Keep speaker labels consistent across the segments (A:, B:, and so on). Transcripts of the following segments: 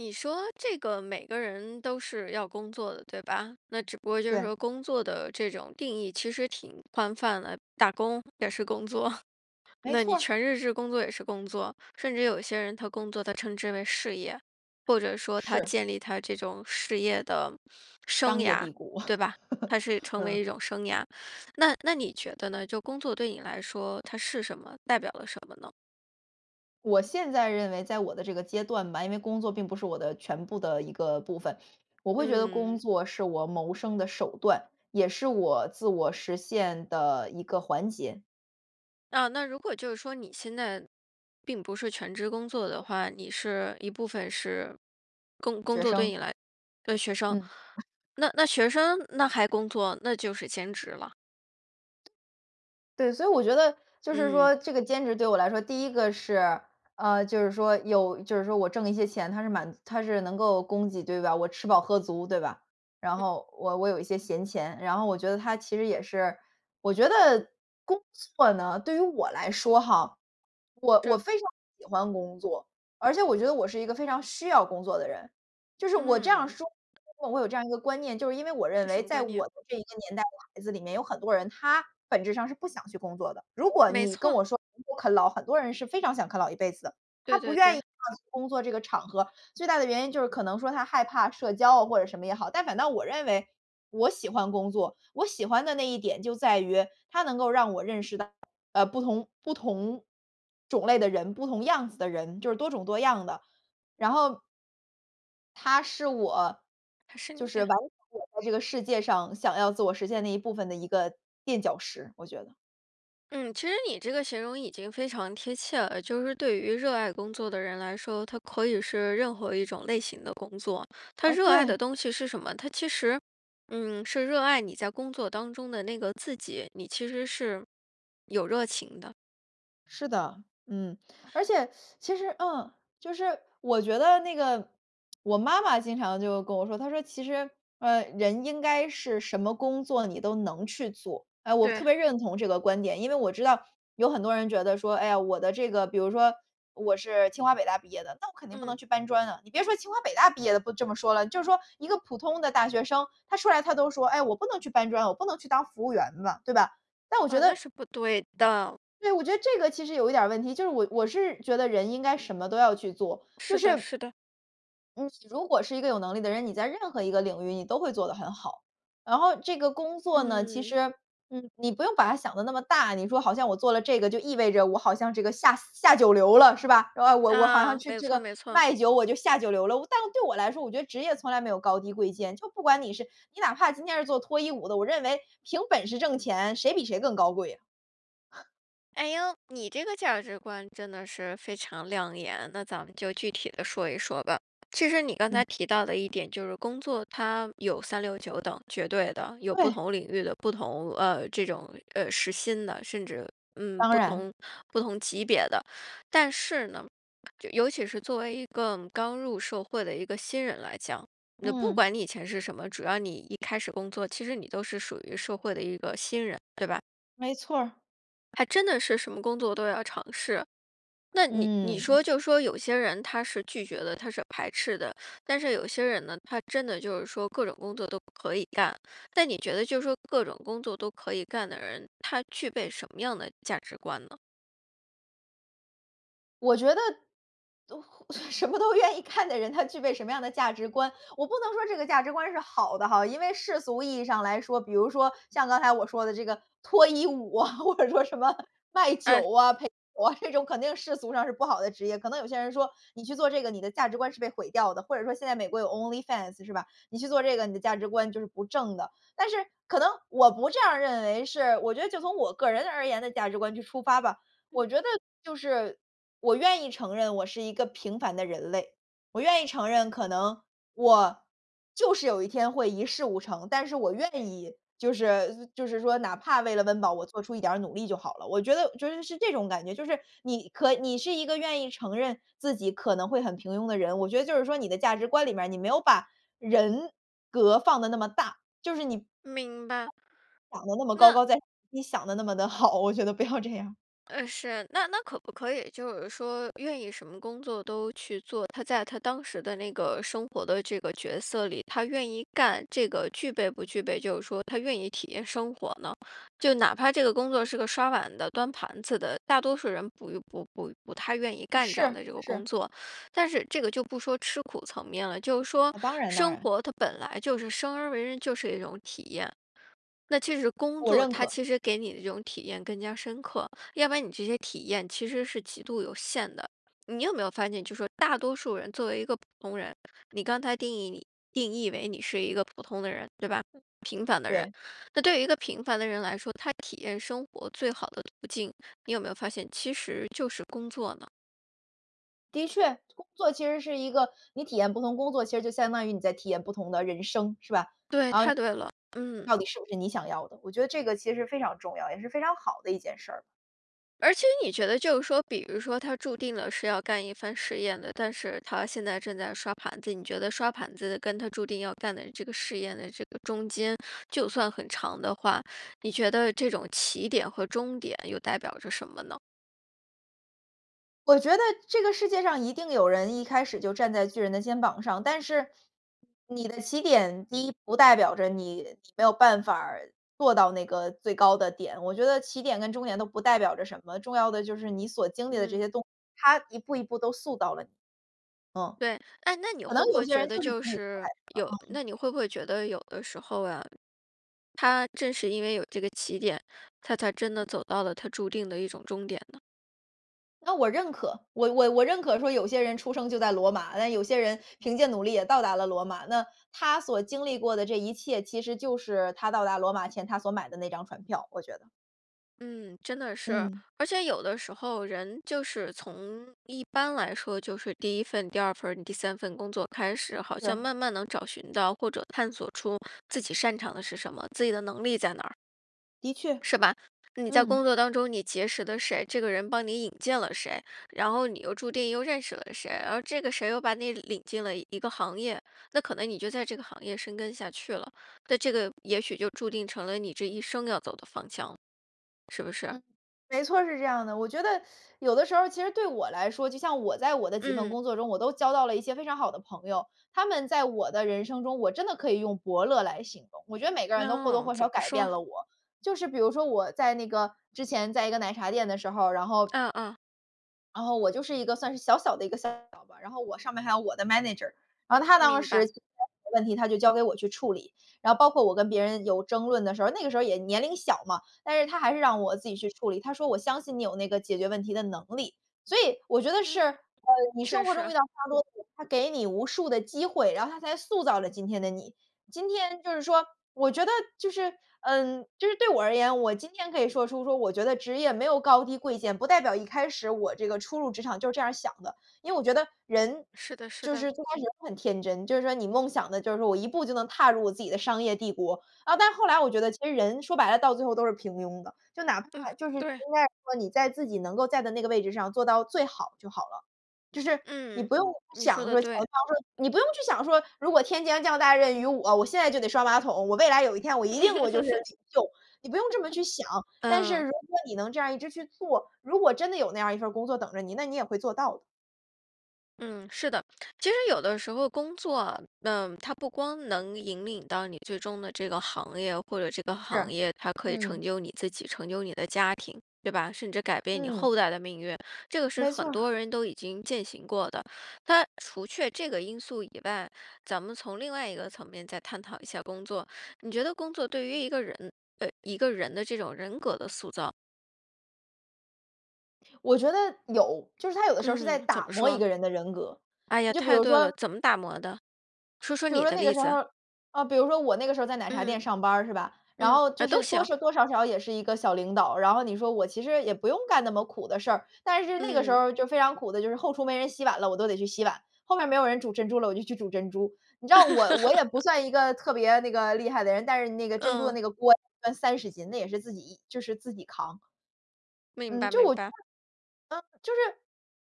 A: 你说这个，每个人都是要工作的，对吧。那只不过就是
B: 对。
A: 说工作的这种定义其实挺宽泛的，打工也是工作，
B: 没
A: 那
B: 错
A: 你
B: 儿。
A: 全日制工作也是工作。甚至有些人他工作他称之为事业，或者说他
B: 是。
A: 建立他这种事业的生
B: 商业
A: 涯，
B: 帝国，
A: 对吧，它是成为
B: 嗯。
A: 一种生涯。那那你觉得呢，就工作对你来说，它是什么，代表了什么呢？
B: 我现在认为在我的这个阶段吧，因为工作并不是我的全部的一个部分，我会觉得工
A: 嗯。
B: 作是我谋生的手段，也是我自我实现的一个环节。
A: 啊，那如果就是说你现在并不是全职工作的话，你是一部分是工工
B: 学
A: 作对
B: 生。
A: 你来对学生。
B: 嗯。
A: 那那学生那还工作，那就是兼职了。
B: 对，所以我觉得就是
A: 嗯。
B: 说这个兼职对我来说，第1个是呃，就是说有就是说我挣一些钱，它是满足它是能够供给对吧，我吃饱喝足对吧，然
A: 嗯。
B: 后我我有一些闲钱。然后我觉得它其实也是我觉得工作呢，对于我来说哈，我我
A: 这。
B: 非常喜欢工作，而且我觉得我是一个非常需要工作的人。就是我这样儿
A: 嗯。
B: 说，工作我有这样一个观念，就是因为我认
A: 这
B: 为
A: 什么
B: 在
A: 观念？
B: 我的这一个年代的孩子里面有很多人，他本质上是不想去工作的。如果
A: 没
B: 你跟
A: 错。
B: 我说 啃老，很多人是非常想啃老一辈子的，他
A: 对
B: 不
A: 对
B: 愿意
A: 对。
B: 去工作这个场合，最大的原因就是可能说他害怕社交啊或者什么也好。但反倒我认为，我喜欢工作。我喜欢的那一点就在于它能够让我认识到，呃，不同不同种类的人，不同样子的人，就是多种多样的。然后它是我
A: 还是
B: 就
A: 你
B: 是完
A: 呀。
B: 成我在这个世界上想要自我实现的一部分的一个垫脚石，我觉得。
A: 嗯，其实你这个形容已经非常贴切了。就是对于热爱工作的人来说，他可以是任何一种类型的工作，他
B: 哦，
A: 热爱的
B: 对。
A: 东西是什么？他其实，嗯，是热爱你在工作当中的那个自己，你其实是有热情的。
B: 是的，嗯。而且 其实，嗯，就是我觉得那个我妈妈经常就跟我说，她说：“其实，呃，人应该是什么工作你都能去做。“哎，我特
A: 对。
B: 别认同这个观点。因为我知道有很多人觉得说，哎呀，我的这个比如说我是清华北大毕业的，那我肯定不
A: 嗯。
B: 能去搬砖啊。你别说清华北大毕业的不这么说了，就说一个普通的大学生，他出来他都说，哎：“我不能去搬砖，我不能去当服务员嘛，“对吧。但我觉
A: 呃，那
B: 得
A: 是不对的。
B: 对，我觉得这个其实有一点儿问题。就是我我是觉得人应该什么都要去做，就
A: 是的
B: 是
A: 是的。
B: 嗯，你如果是一个有能力的人，你在任何一个领域你都会做得很好。然后这个工作呢，其
A: 嗯。
B: 实，嗯，你不用把它想得那么大，你说好像我做了这个就意味着我好像这个下下九流了，是吧？哎，我我好像
A: 啊，
B: 去
A: 没
B: 这
A: 错
B: 个
A: 没错。
B: 卖酒我就下九流了。但是对我来说，我觉得职业从来没有高低贵贱。就不管你是，你哪怕今天是做脱衣舞的，我认为凭本事挣钱，谁比谁更高贵啊。
A: 哎哟，你这个价值观真得是非常亮眼。那咱们就具体地说一说吧。其实你刚
B: 嗯。
A: 才提到的一点就是工作它有三六九等，绝对的，有不
B: 对。
A: 同领域的不同，呃，这种，呃，时薪的，甚至，嗯，
B: 当
A: 不
B: 然。
A: 同不同级别的。但是呢，尤其是作为一个刚入社会的一个新人来讲。不
B: 嗯。
A: 管你以前是什么，只要你一开始工作，其实你都是属于社会的一个新人，对吧？
B: 没错儿。
A: 还真的是什么工作都要尝试。那你你
B: 嗯。
A: 说就说有些人他是拒绝的，他是排斥的。但是有些人呢，他真的就是说各种工作都可以干，但你觉得就是说各种工作都可以干的人，他具备什么样的价值观呢？
B: 我觉得什么都愿意干的人，他具备什么样的价值观。我不能说这个价值观是好的哈。因为世俗意义上来说，比如说像刚才我说的这个脱衣舞啊，或者说什么卖
A: 哎。
B: 酒啊，陪酒啊，这种肯定世俗上是不好的职业。可能有些人说你去做这个，你的价值观是被毁掉的。或者说现在美国有 onlyfans 是吧。你去做这个，你的价值观就是不正的。但是可能我不这样认为是，我觉得就从我个人而言的价值观去出发吧。我觉得就是我愿意承认我是一个平凡的人类，我愿意承认可能我就是有一天会一事无成。但是我愿意，就是就是说哪怕为了温饱，我做出一点儿努力就好了。我觉得觉得是这种感觉，就是你可你是一个愿意承认自己可能会很平庸的人，我觉得就是说你的价值观里面，你没有把人格放得那么大，就是你
A: 明白。
B: 想得那么高
A: 那
B: 高在上，你想得那么得好，我觉得不要这样。
A: 哎，是，那那可不可以就是说愿意什么工作都去做，他在他当时的那个生活的这个角色里，他愿意干这个具备不具备，就是说他愿意体验生活呢？就哪怕这个工作是个刷碗的，端盘子的，大多数人不不不不太愿意干这样
B: 是，
A: 的这个工
B: 是。
A: 作。但是这个就不说吃苦层面了，就是说
B: 啊，当然当
A: 生
B: 然。
A: 活它本来就是生而为人就是一种体验。那其实工
B: 我
A: 作
B: 认
A: 它
B: 可。
A: 其实给你的这种体验更加深刻，要不然你这些体验其实是极度有限的。你有没有发现，就说大多数人作为一个普通人，你刚才定义你定义为你是一个普通的人，对吧？平凡的人，
B: 对。
A: 那对于一个平凡的人来说，他体验生活最好的途径，你有没有发现，其实就是工作呢？
B: 的确，工作其实是一个你体验不同工作，其实就相当于你在体验不同的人生，是吧，
A: 对，
B: 啊
A: 太对了。嗯。
B: 到底是不是你想要的，我觉得这个其实非常重要，也是非常好的一件事儿。
A: 而且你觉得就是说，比如说他注定了是要干一番事业的，但是他现在正在刷盘子，你觉得刷盘子跟他注定要干的这个事业的这个中间，就算很长的话，你觉得这种起点和终点又代表着什么呢？
B: 我觉得这个世界上一定有人一开始就站在巨人的肩膀上。但是你的起点第一不代表着你，你没有办法儿做到那个最高的点。我觉得起点跟终点都不代表着什么，重要的就是你所经历的这
A: 嗯。
B: 些动作，它一步一步都塑造了你，嗯。
A: 对，诶，那你
B: 就可能
A: 会不
B: 有
A: 会
B: 些
A: 觉
B: 人
A: 得
B: 就是
A: 就
B: 比你快，
A: 是，有
B: 嗯。
A: 那你会不会觉得有的时候啊，他正是因为有这个起点，他才真地走到了他注定的一种终点呢？
B: 那我认可。我我我认可说有些人出生就在罗马，那有些人凭借努力也到达了罗马。那他所经历过的这一切，其实就是他到达罗马前他所买的那张船票，我觉得。
A: 嗯，真的是。
B: 嗯。
A: 而且有的时候人就是从一般来说，就是第1份，第2份儿，第3份工作开始，好像
B: 是。
A: 慢慢能找寻到或者探索出自己擅长的是什么，自己的能力在哪儿。
B: 的确，
A: 是吧？你在工
B: 嗯。
A: 作当中你结识的谁，这个人帮你引荐了谁，然后你又注定又认识了谁，而这个谁又把你领进了一个行业，那可能你就在这个行业深耕下去了。那这个也许就注定成了你这一生要走的方向，是不是？
B: 嗯，没错儿，是这样的。我觉得有的时候其实对我来说，就像我在我的几份
A: 嗯。
B: 工作中，我都交到了一些非常好的朋友。他们在我的人生中，我真的可以用伯乐来形容。我觉得每个人都或多
A: 哦，
B: 或
A: 怎
B: 少
A: 么
B: 改变
A: 说？
B: 了我，就是比如说我在那个之前在一个奶茶店的时候，然后
A: 嗯嗯。
B: 然后我就是一个算是小小的一个 Sale 吧，然后我上面还有我的 Manager。然后他当
A: 明
B: 时
A: 白。
B: 的问题他就交给我去处理，然后包括我跟别人有争论的时候儿，那个时候儿也年龄小嘛，但是他还是让我自己去处理，他说我相信你有那个解决问题的能力。所以我觉得是，呃，
A: 嗯，
B: 你
A: 确
B: 生活中遇
A: 实。
B: 到，它给你无数的机会，然后它才塑造了今天的你。今天就是说我觉得就是呃，就是对我而言，我今天可以说出说我觉得职业没有高低贵贱，不代表一开始我这个初入职场就是这样儿想的。因为我觉得人
A: 是的是
B: 就
A: 的。
B: 是最开始就很天真，就是说你梦想的就是说我一步就能踏入我自己的商业帝国。啊，但是后来我觉得其实人说白了，到最后都是平庸的，就哪
A: 嗯，
B: 怕就是应
A: 对。
B: 该说你在自己能够在的那个位置上做到最好就好了。就是你
A: 嗯，
B: 不用
A: 你说
B: 想
A: 得
B: 说
A: 对。
B: 你不用去想说，如果天将降大任于我，我现在就得刷马桶，我未来有一天我一定我就是 领袖，你不用这么去想。但是
A: 嗯。
B: 如果你能这样一直去做，如果真的有那样一份儿工作等着你，那你也会做到的。
A: 嗯，是的。其实有的时候工作啊，嗯，它不光能引领到你最终的这个行业，或者这个行
B: 是，
A: 业它可以成
B: 嗯。
A: 就你自己，成就你的家庭，对吧？甚至改变你
B: 嗯。
A: 后代的命运。这个是
B: 没错
A: 很多
B: 儿。
A: 人都已经践行过的。那除却这个因素以外，咱们从另外一个层面再探讨一下工作。你觉得工作对于一个人，呃，一个人的这种人格的塑造
B: 我觉得，有。就是他有的时候是在
A: 嗯，怎
B: 打
A: 么
B: 磨一
A: 说？
B: 个人的人格，
A: 哎呀，
B: 你就比
A: 太
B: 如
A: 对了。
B: 说
A: 怎么打磨的？说说
B: 比如
A: 你
B: 说
A: 的
B: 那个
A: 例
B: 时候，
A: 子。
B: 啊，比如说我那个时候在奶茶店
A: 嗯。
B: 上班儿是吧。然
A: 嗯，
B: 后
A: 呃，
B: 就
A: 都
B: 是多
A: 行。
B: 是多少少也是一个小领导。然后你说我其实也不用干那么苦的事儿。但是那个时
A: 嗯。
B: 候就非常苦的，就是后厨没人洗碗了，我都得去洗碗。后面儿没有人煮珍珠了，我就去煮珍珠。你知道我我也不 算一个特别那个厉害的人，但是那个珍珠的
A: 嗯。
B: 那个锅算30斤，那也是自己就是自己扛。
A: 明
B: 嗯，
A: 白
B: 就
A: 明
B: 我 嗯，就是
A: 白。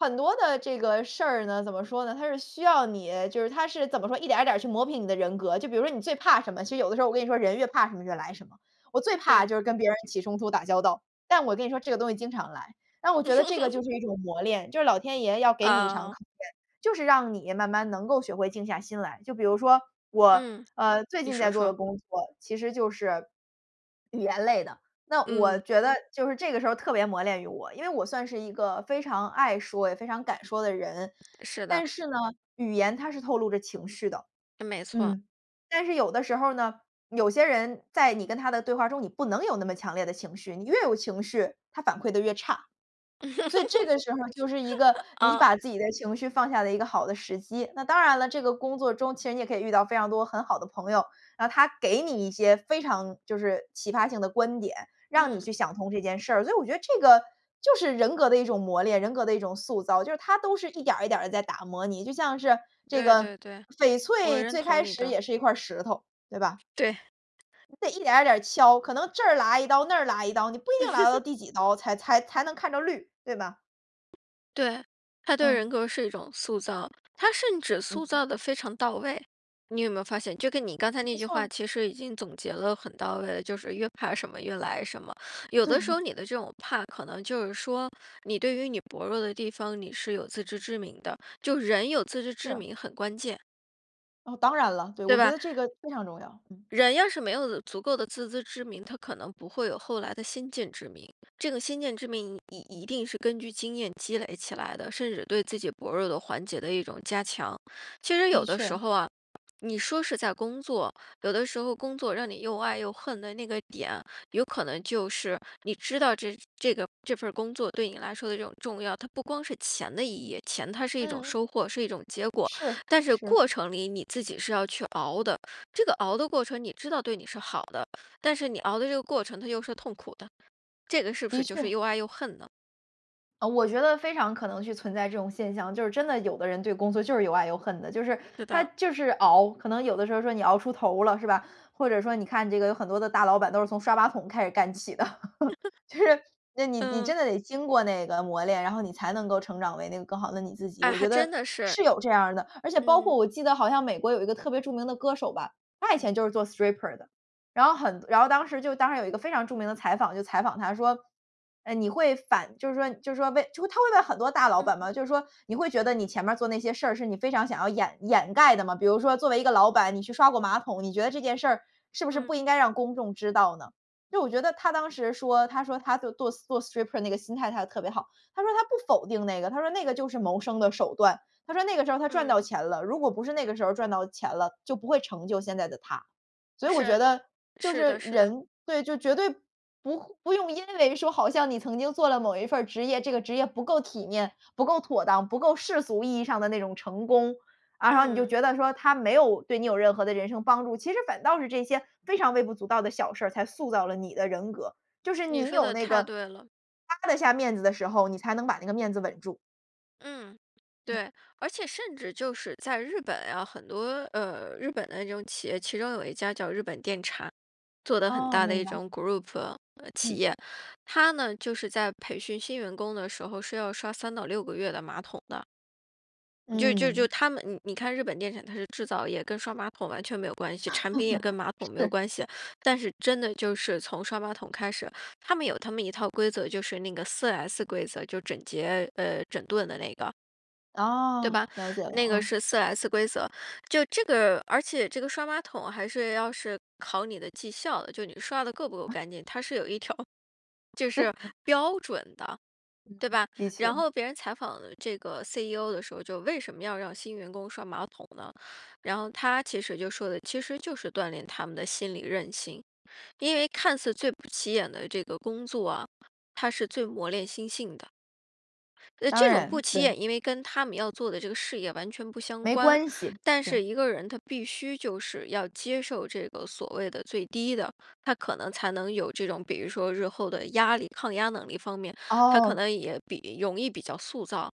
B: 很多的这个事儿呢，怎么说呢？它是需要你就是它是怎么说，一点儿一点儿去磨平你的人格。就比如说你最怕什么，其实有的时候我跟你说人越怕什么越来什么。我最怕
A: 对。
B: 就是跟别人起冲突打交道，但我跟你说这个东西经常来。那我觉得这个就 是一种磨炼，就是老天爷要给你一场
A: 啊。
B: 考验。就是让你慢慢能够学会静下心来。就比如说我，
A: 嗯，
B: 呃，最
A: 你
B: 近在
A: 说
B: 做的
A: 说。
B: 工作其实就是语言类的，那我
A: 嗯。
B: 觉得就是这个时候特别磨练于我。因为我算是一个非常爱说也非常敢说的人，
A: 是的。
B: 但是呢，语言它是透露着情绪的。
A: 没错。
B: 嗯，但是有的时候呢，有些人在你跟他的对话中你不能有那么强烈的情绪。你越有情绪，他反馈得越差。所以这个时候就是一个 你
A: 嗯。
B: 把自己的情绪放下的一个好的时机。那当然了，这个工作中其实你也可以遇到非常多很好的朋友。那他给你一些非常就是启发性的观点，让你去
A: 嗯。
B: 想通这件事儿。所以我觉得这个就是人格的一种磨炼，人格的一种塑造。就是它都是一点儿一点儿地在打磨你，就像是这
A: 对，
B: 个
A: 对，对，
B: 翡
A: 我
B: 翠
A: 认
B: 最
A: 同
B: 开
A: 你
B: 始
A: 的。
B: 也是一块儿石头，对吧？
A: 对。
B: 你得一点儿一点儿敲。可能这剌一刀那儿剌一刀，你不一定剌到 第几刀才才才能看着绿，对吧？
A: 对，他对
B: 嗯。
A: 人格是一种塑造，他甚至塑
B: 嗯。
A: 造得非常到位。你有没有发现，就跟你刚才那
B: 没
A: 句
B: 错儿。
A: 话其实已经总结了很到位的，就是越怕什么越来什么。有的时候
B: 对。
A: 你的这种怕，可能就是说，你对于你薄弱的地方，你是有自知之明的。就人有自知之
B: 是。
A: 明很关键。
B: 哦，当然了。对，
A: 对
B: 我觉
A: 吧
B: 得这个非常重要。嗯。
A: 人要是没有足够的自知之明，他可能不会有后来的先见之明。这个先见之明你一定是根据经验积累起来的，甚至对自己薄弱的环节的一种加强。其实
B: 的
A: 有的时
B: 确。
A: 候啊，你说是在工作，有的时候工作让你又爱又恨的那个点，有可能就是，你知道这个这个这份儿工作对你来说的一种重要，它不光是钱的意义，钱它是一种
B: 嗯。
A: 收获，是一种结果。
B: 是，
A: 但是
B: 是。
A: 过程里你自己是要去熬的，这个熬的过程你知道对你是好的，但是你熬的这个过程它又是痛苦的。这个是不
B: 的
A: 是就是
B: 确。
A: 又爱又恨呢？
B: 呃，我觉得非常可能是存在这种现象，就是真的有的人对工作就是又爱又恨的。就是
A: 对
B: 他
A: 的。
B: 就是熬可能有的时候说你熬出头了是吧，或者说你看这个有很多的大老板都是从刷马桶开始干起的。就是那你你
A: 嗯。
B: 真的得经过那个磨炼，然后你才能够成长为那个更好的你自己，
A: 哎，
B: 我
A: 还
B: 觉得
A: 真的是。
B: 是有这样儿的。而且包括
A: 嗯。
B: 我记得好像美国有一个特别著名的歌手吧，他以前就是做 stripper 的。然后很然后当时就当时有一个非常著名的采访就采访他说，呃，你会反就是说就是说问他会问很多大老
A: 嗯
B: 板
A: 嗯。
B: 嘛。就是说你会觉得你前面儿做那些事儿是你非常想要掩掩盖的吗？比如说作为一个老板，你去刷过马桶，你觉得这件事儿是不是
A: 嗯，
B: 不应
A: 嗯。
B: 该让公众知道呢？就我觉得他当时说，他说他就做 stri 做 stripper 那个心态他特别好，他说他不否定那个，他说那个就是谋生的手段。他说那个时候他赚到
A: 嗯。
B: 钱了，如果不是那个时候儿赚到钱了，就不会成就现在的他。所以我觉
A: 是。
B: 得，就
A: 是
B: 是
A: 的是的。
B: 人对，就绝对不会不用因为说好像你曾经做了某一份儿职业，这个职业不够体面，不够妥当，不够世俗意义上的那种成功。然后你就
A: 嗯。
B: 觉得说他没有对你有任何的人生帮助，其实反倒是这些非常微不足道的小事儿，才塑造了你的人格。就是
A: 你
B: 你
A: 说
B: 有
A: 得
B: 那
A: 太
B: 个
A: 对了。
B: 趴得下面子的时候，你才能把那个面子稳住。
A: 嗯，
B: 嗯。
A: 对。而且甚至就是在日本呀，很多，呃，日本的这种企业，其中有一家叫日本电产，做得很
B: 哦，
A: 大的
B: 明
A: 一
B: 白。
A: 种 group，呃，企
B: 嗯。
A: 业。它呢就是在培训新员工的时候，是要刷3到6个月的马桶的。就就就
B: 嗯。
A: 它们你你看日本电产，它是制造业，跟刷马桶完全没有关系，产品也跟马桶没有
B: 是。
A: 关系，但是真的就是从刷马桶开始。它们有它们一套规则，就是那个 4S 规则，就整洁呃，整顿的那个。对
B: 哦，
A: 吧，
B: 了解了。
A: 那个
B: 嗯。
A: 是 4S 规则。就这个而且这个刷马桶，还是要是考你的绩效的，就你刷得够不够干净，它是有一条就是
B: [unintelligible]
A: 标准的，
B: 嗯
A: 对
B: 嗯，
A: 吧。
B: 的
A: 然
B: 确。
A: 后别人采访这个 CEO 的时候，就为什么要让新员工刷马桶呢？然后他其实就说的，其实就是锻炼他们的心理韧性，因为看似最不起眼的这个工作啊，它是最磨练心性的。呃，
B: 当
A: 这种不
B: 然，
A: 起
B: 对。
A: 眼，因为跟它们要做的这个事业完全不相
B: 没
A: 关。
B: 关系，
A: 但
B: 对。
A: 是一个人他必须就是要接受，这个所谓的最低的，他可能才能有这种比如说日后的压力抗压能力方面，他可
B: 哦。
A: 能也比容易比较塑造。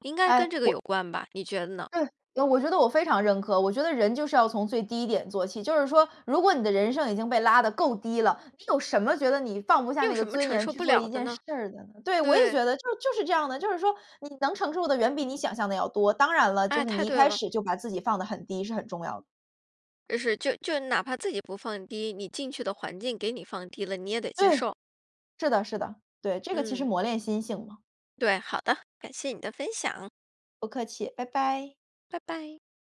A: 应该跟
B: 哎，
A: 这个有
B: 我
A: 关吧，你觉得呢？
B: 对。呃，我觉得我非常认可。我觉得人就是要从最低点做起，就是说，如果你的人生已经被拉得够低了，你有什么觉得你放不下
A: 你
B: 那
A: 有
B: 个
A: 什么
B: 尊
A: 承
B: 严，
A: 受
B: 去
A: 不
B: 做
A: 了
B: 一
A: 的
B: 件事
A: 呢？
B: 儿的呢？对，我也
A: 对。
B: 觉得，就就是这样的，就是说你能承受的，远比你想象的要多。当然了，就
A: 哎，
B: 是
A: 太
B: 你一
A: 对
B: 开
A: 了。
B: 始，就把自己放得很低，是很重要的。
A: 就是就就哪怕自己不放低，你进去的环境给你放低了，你也得接
B: 对，
A: 受。
B: 是的是的。对，这个其实
A: 嗯。
B: 磨练心性嘛。
A: 对，好的。感谢你的分享。
B: 不客气，拜拜。
A: 拜拜。